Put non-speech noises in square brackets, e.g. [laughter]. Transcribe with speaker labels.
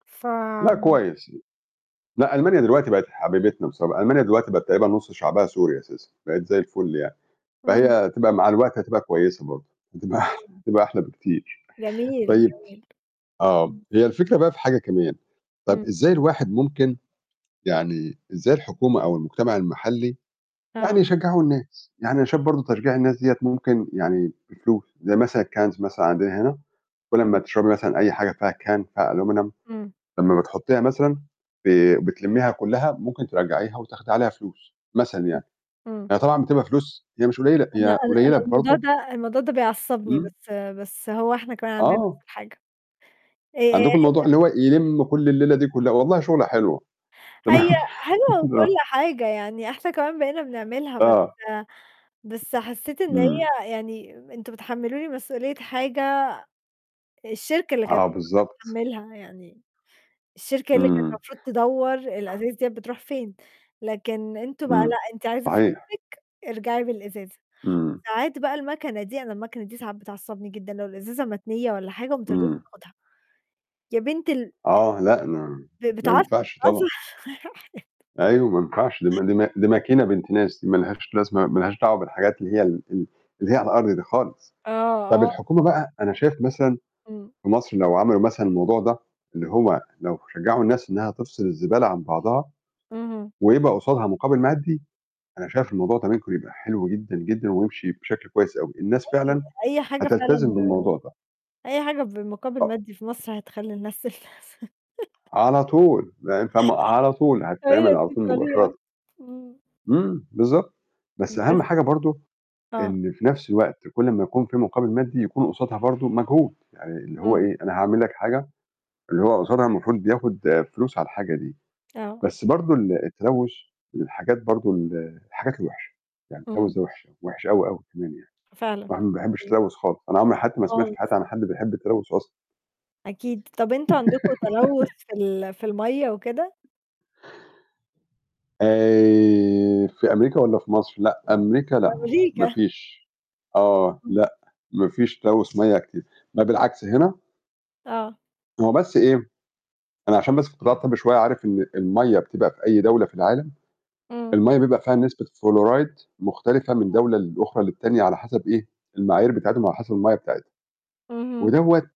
Speaker 1: ف
Speaker 2: لأ، كويس. لأ، ألمانيا دلوقتي بقت حبيبتنا بص ألمانيا دلوقتي بقت تقريبًا نص شعبها سوري أساسًا، بقت زَي الفل يعني، فهي
Speaker 1: امم.
Speaker 2: هتبقى مع الوقت هتبقى كويسة برضه، هتبقى أحل [chuckles]
Speaker 1: [unintelligible]
Speaker 2: هتبقى أحلى بكتير،
Speaker 1: جميل،
Speaker 2: طيب
Speaker 1: جميل،
Speaker 2: آه،
Speaker 1: امم.
Speaker 2: هي الفكرة بقى في حاجة كمان، طب
Speaker 1: امم.
Speaker 2: إزاي الواحد ممكن يعني إزاي الحكومة، أو المجتمع المحلي يعني
Speaker 1: آه.
Speaker 2: يشجعوا الناس؟ يعني أنا شايف برضه تشجيع الناس ديّة ممكن يعني بفلوس، زَي مثلًا الCans مثلًا عندنا هنا، كلّ أمّا
Speaker 1: امم.
Speaker 2: تشربي مثلًا أي حاجة فيها Can فيها Aluminum
Speaker 1: امم.
Speaker 2: لمّا بتحطيها مثلًا، ب بتلميها كلّها، ممكن ترجّعيها، وتأخدي عليها فلوس مثلًا يعني،
Speaker 1: امم،
Speaker 2: يعني
Speaker 1: امم.
Speaker 2: هي طبعًا بتبقى فلوس هي مش قليلة،
Speaker 1: أنا
Speaker 2: هي
Speaker 1: أنا أنا
Speaker 2: قليلة
Speaker 1: الموضوع
Speaker 2: برضه
Speaker 1: ده، الموضوع ده بيعصبني،
Speaker 2: امم.
Speaker 1: بس، بس هو إحنا كمان عندنا
Speaker 2: آه.
Speaker 1: نفس الحاجة، آآ آآ
Speaker 2: عندكم الموضوع
Speaker 1: هي
Speaker 2: اللي هو يلِّم كلّ الليلة دي كلّها، والله شُغلة حلوة تمام.
Speaker 1: هي حلوة
Speaker 2: [laughs] آه.
Speaker 1: وكلّ حاجة، يعني إحنا كمان بقينا بنعملها، بس
Speaker 2: آه.
Speaker 1: بس حسيت إن
Speaker 2: إمم.
Speaker 1: هي يعني أنتم بتحملوني مسؤولية حاجة الشركة اللي كانت
Speaker 2: آه،
Speaker 1: مفروض
Speaker 2: بالضبط.
Speaker 1: تتحملها، يعني الشركة اللي كانت
Speaker 2: امم.
Speaker 1: المفروض تدور الأزايز ديّة بتروح فين، لكن أنتم بقى
Speaker 2: امم،
Speaker 1: لأ، أنتِ عايزة
Speaker 2: صحيح.
Speaker 1: فلوسِك ارجعي بالإزازة،
Speaker 2: امم.
Speaker 1: وساعات بقى الماكنة دي أنا الماكنة دي ساعات بتعصبني جدًا، لو الإزازة متنية والّا حاجة ما ترضاش
Speaker 2: امم.
Speaker 1: تاخدها. يا بنت ال
Speaker 2: آه، لأ، ما
Speaker 1: ب ب
Speaker 2: ما
Speaker 1: بتعصب
Speaker 2: ينفعش
Speaker 1: آه،
Speaker 2: طبعًا.
Speaker 1: صح.
Speaker 2: أيوه، ما ينفعش دي ما دي ما دي ماكينة بنت ناس، دي ما لهاش لازمة ما لهاش دعوة بالحاجات اللي هي ال ال اللي هي على الأرض دي خالص،
Speaker 1: آه،
Speaker 2: طب
Speaker 1: آه.
Speaker 2: الحكومة بقى، أنا شايف مثلًا
Speaker 1: امم.
Speaker 2: في مصر لو عملوا مثلًا الموضوع ده، اللي هو
Speaker 1: [unintelligible]
Speaker 2: لو شجعوا الناس إنها تفصل الزبالة عن بعضها،
Speaker 1: اهم.
Speaker 2: ويبقى قصادها مقابل مادي، أنا شايف الموضوع ده ممكن يبقى حلو جدًا، جدًا، ويمشي بشكل كويس أوي، الناس
Speaker 1: أي
Speaker 2: فعلًا
Speaker 1: أي حاجة فعلًا
Speaker 2: هتلتزم
Speaker 1: ب
Speaker 2: بالموضوع ده.
Speaker 1: أي حاجة بمقابل
Speaker 2: آه.
Speaker 1: مادي في مصر، هتخلّي الناس [unintelligible] [laughs]
Speaker 2: على طول، لأن فاهمة؟ على طول، هتتعمل
Speaker 1: أيوه،
Speaker 2: على
Speaker 1: دي
Speaker 2: طول
Speaker 1: الطريقة.
Speaker 2: مباشرةً.
Speaker 1: امم.
Speaker 2: امم، بالضبط، بس أهم
Speaker 1: بس
Speaker 2: حاجة برضه
Speaker 1: آه.
Speaker 2: إن في نفس الوقت كلّ أما يكون في مقابل مادي، يكون قصادها برضه مجهود، يعني اللي هو
Speaker 1: امم.
Speaker 2: ايه أنا هاعمل لك الحاجة، اللي هو قصادها المفروض بياخد فلوس على الحاجة دي،
Speaker 1: آه
Speaker 2: بس برضه ال التلوث، والحاجات برضه ال الحاجات الوحِشة، يعني
Speaker 1: اهم.
Speaker 2: التلوث ده وحِش، وحِش أوي، أوي كمان. يعني
Speaker 1: فعلًا.
Speaker 2: الواحد ما بيحبش
Speaker 1: امم.
Speaker 2: التلوث خالص، أنا عمري في حياتي ما سمعت في
Speaker 1: خالص.
Speaker 2: حياتي عن حد بيحب التلوث أصلًا.
Speaker 1: أكيد، طب أنتم عندكم تلوث
Speaker 2: [giggles]
Speaker 1: في ال في المَيّة وكده؟
Speaker 2: آآ في أمريكا، والّا في مصر؟ لأ، أمريكا لأ ما
Speaker 1: أمريكا.
Speaker 2: فيش آه،
Speaker 1: امم.
Speaker 2: لأ، ما فيش تلوث مَيّة كتير، ما بالعكس هنا
Speaker 1: آه.
Speaker 2: هو بس إيه، أنا عشان بس في القطاع الطبي شوية عارف إن المَيّة بتبقى في أي دولة في العالم،
Speaker 1: امم.
Speaker 2: المَيّة بيبقى فيها نسبة فلوريد، مختلفة من
Speaker 1: [unintelligible]
Speaker 2: دولة لأخرى للتانية ،على حسب إيه المعايير بتاعتهم، وعلى حسب المَيّة بتاعتهم،
Speaker 1: اهم.
Speaker 2: ودوّة